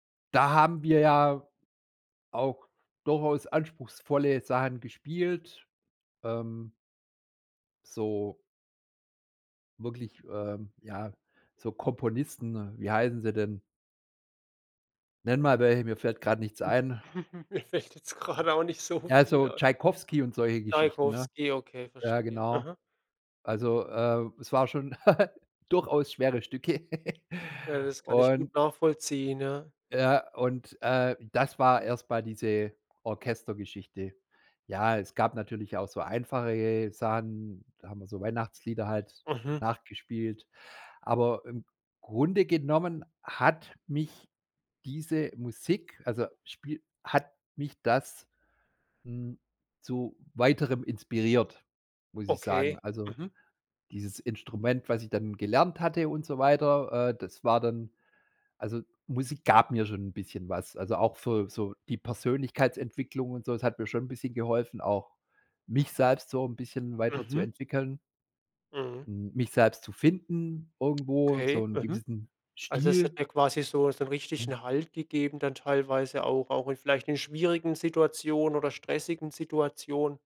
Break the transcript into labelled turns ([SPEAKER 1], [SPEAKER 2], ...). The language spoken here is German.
[SPEAKER 1] Da haben wir ja auch durchaus anspruchsvolle Sachen gespielt. Ähm So Wirklich, ähm, ja so Komponisten wie heißen sie denn? Nenn mal welche, mir fällt gerade nichts ein.
[SPEAKER 2] Mir fällt jetzt gerade auch nicht so
[SPEAKER 1] Ja,
[SPEAKER 2] viel
[SPEAKER 1] so
[SPEAKER 2] ein.
[SPEAKER 1] Tschaikowski und solche Geschichten, ne?
[SPEAKER 2] Tschaikowski. Okay,
[SPEAKER 1] Ja,
[SPEAKER 2] verstehe.
[SPEAKER 1] genau.
[SPEAKER 2] Mhm.
[SPEAKER 1] Also, äh, es war schon durchaus schwere Stücke.
[SPEAKER 2] Ja, das kann ich gut
[SPEAKER 1] Und
[SPEAKER 2] nachvollziehen. Ja.
[SPEAKER 1] Ja, und, äh, das war erst mal diese Orchestergeschichte. Ja, es gab natürlich auch so einfache ge Sachen, da haben wir so Weihnachtslieder halt
[SPEAKER 2] Mhm.
[SPEAKER 1] nachgespielt. Aber im Grunde genommen hat mich diese Musik also spiel hat mich das, hm, zu weiterem inspiriert, muss ich sagen.
[SPEAKER 2] Okay,
[SPEAKER 1] Also,
[SPEAKER 2] mhm.
[SPEAKER 1] dieses Instrument, was ich dann gelernt hatte und so weiter, äh, das war dann also, Musik gab mir schon 'n bisschen was. Also, auch für so die Persönlichkeitsentwicklung und so. Es hat mir schon 'n bisschen geholfen, auch mich selbst so 'n bisschen
[SPEAKER 2] Mhm.
[SPEAKER 1] weiterzuentwickeln
[SPEAKER 2] Mhm.
[SPEAKER 1] hm, mich selbst zu finden irgendwo, so
[SPEAKER 2] Okay.
[SPEAKER 1] 'n
[SPEAKER 2] Mhm.
[SPEAKER 1] gewissen
[SPEAKER 2] Also, es hat
[SPEAKER 1] Stil.
[SPEAKER 2] dir quasi so so 'n
[SPEAKER 1] Mhm.
[SPEAKER 2] richtigen Halt gegeben dann teilweise auch auch in vielleicht in schwierigen Situationen oder stressigen Situationen?